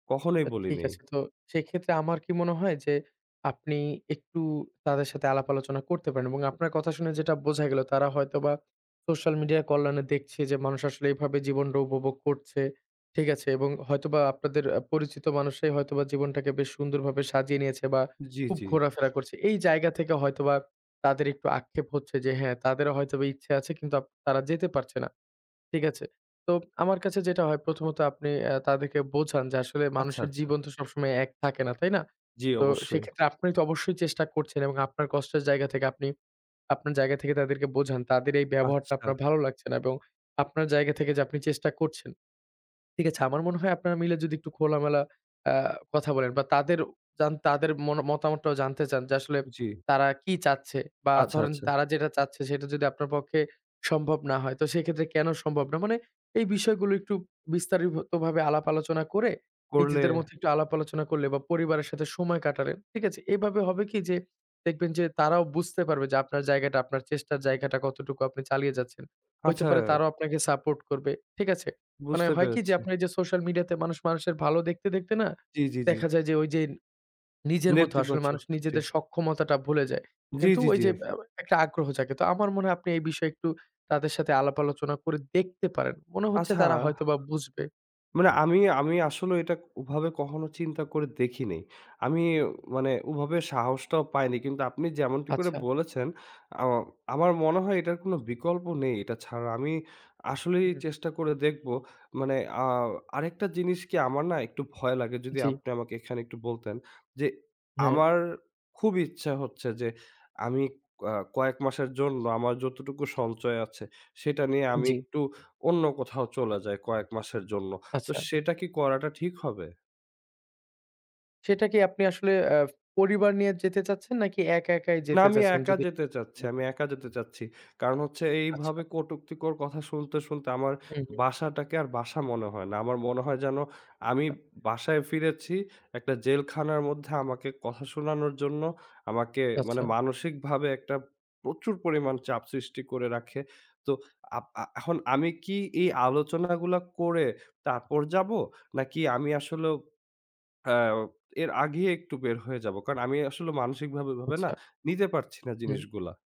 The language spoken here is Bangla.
কখনোই তা ঠিক বলিনাই। আছে তো, সেক্ষেত্রে আমার কি মনে হয় যে আপনি একটু তাদের সাথে আলাপ-আলোচনা করতে পারেন এবং আপনার কথা শুনে যেটা বোঝা গেল তারা হয়তোবা সোশ্যাল মিডিয়া কল্যাণে দেখছে যে মানুষ আসলে এভাবে জীবনটা উপভোগ করছে। ঠিক আছে? এবং হয়তোবা আপনাদের আ পরিচিত মানুষরাই হয়তোবা জীবনটাকে বেশ সুন্দরভাবে সাজিয়ে নিয়েছে বা জ্বি, খুব জ্বি। ঘোরাফেরা করছে। এই জায়গা থেকে হয়তোবা তাদের একটু আক্ষেপ হচ্ছে যে হ্যাঁ, তাদের হয়তোবা ইচ্ছে আছে কিন্তু আপ তারা যেতে পারছে না। ঠিক আছে? তো আমার কাছে যেটা হয় প্রথম ত আপনি অ্যা তাদেরকে বোঝান যে আসলে আচ্ছা, মানুষের আচ্ছা। জীবন তো সবসময় এক থাকে না, তাই না? জ্বি, তো অবশ্যই। সেক্ষেত্রে আপনি তো অবশ্যই চেষ্টা করছেন এবং আপনার কষ্টের জায়গা থেকে আপনি আপনার জায়গা থেকে তাদেরকে বোঝান তাদের এই ব্যবহারটা আচ্ছা। আপনার ভালো লাগছে না এবং আপনার জায়গা থেকে যে আপনি চেষ্টা করছেন। ঠিক আছে? আমার মনে হয় আপনারা মিলে যদি একটু খোলামেলা আ কথা বলেন বা তাদেরও জান তাদের মনও মতামতটাও জানতে চান যে আসলে জী। তারা কি চাচ্ছে বা আচ্ছা, ধরেন আচ্ছা। তারা যেটা চাচ্ছে সেটা যদি আপনার পক্ষে সম্ভব না হয়, তো সেক্ষেত্রে কেন সম্ভব না? মানে এই বিষয়গুলো একটু বিস্তারিত ভাবে আলাপ আলোচনা করে করলে নিজেদের মধ্যে একটু আলাপ আলোচনা করলে বা পরিবারের সাথে সময় কাটালেন। ঠিক আছে? এইভাবে হবে কি, যে দেখবেন যে তারাও বুঝতে পারবে যে আপনার জায়গাটা, আপনার চেষ্টার জায়গাটা কতটুকু আপনি চালিয়ে যাচ্ছেন। হইতে আচ্ছা। পারে তারাও আপনাকে সাপোর্ট করবে। ঠিক আছে? মানে বুঝতে হয় কি যে পেরেছি। আপনার ওইযে সোশ্যাল মিডিয়াতে মানুষ মানুষের ভালো দেখতে, দেখতে না জি, জি, জি। দেখা যায় যে ঐযে নিজের মধ্যেও আসলে মানুষ নেতিবাচক জি। নিজেদের সক্ষমতাটা ভুলে যায়। জি, কিন্তু জি, ওই জি। যে আ একটা আগ্রহ জাগে। তো আমার মনে হয় আপনি এই বিষয়ে একটু তাদের সাথে আলাপ আলোচনা করে দেখতে পারেন। মনে হচ্ছে আচ্ছা। তারা হয়তোবা বুঝবে। মানে আমি আমি আসলেও এটা ক ওভাবে কখনো চিন্তা করে দেখিনাই। আমি মানে ওভাবে সাহসটাও পাইনি। কিন্তু আপনি যেমনটি করে আচ্ছা। বলেছেন, আও আমার মনে হয় এটার কোন বিকল্প নেই এটা ছাড়া। আমি আসলেই হুম। চেষ্টা করে দেখবো। মানে আ আরেকটা জিনিস কি আমার না একটু ভয় লাগে, যদি জ্বি। আপনি আমাকে এখানে একটু বলতেন, যে হ্যাঁ। আমার খুবই ইচ্ছা হচ্ছে যে, আমি আ কয়েক মাসের জন্য আমার যতটুকু সঞ্চয় আছে সেটা নিয়ে আমি জ্বি। একটু অন্য কোথাও চলে যাই কয়েক মাসের জন্য। তো আচ্ছা। সেটা কি করাটা ঠিক হবে? সেটা কি আপনি আসলে অ্যা পরিবার নিয়ে যেতে চাচ্ছেন? নাকি একা একাই না যেতে আমি চাচ্ছেন? একা যদি যেতে একটু চাচ্ছি। আমি বলতেন। একা যেতে চাচ্ছি। কারণ হচ্ছে এইভাবে আচ্ছা। কটুক্তিকর কথা শুনতে, শুনতে আমার হু, হু। বাসাটাকে আর বাসা মনে হয় না। আমার মনে হয় যেন, আমি আচ্ছা। বাসায় ফিরেছি একটা জেলখানার মধ্যে আমাকে কথা শোনানোর জন্য আমাকে মানে আচ্ছা। মানসিকভাবে একটা প্রচুর পরিমাণ চাপ সৃষ্টি করে রাখে। তো আপ আ এখন আমি কি এই আলোচনাগুলা করে তারপর যাবো? নাকি আমি আসলেও অ্যাও এর আগেই একটু বের হয়ে যাব? কারণ আমি আসলে মানসিক ভাবে ওইভাবে না আচ্ছা। নিতে পারছি না হুম। জিনিসগুলা।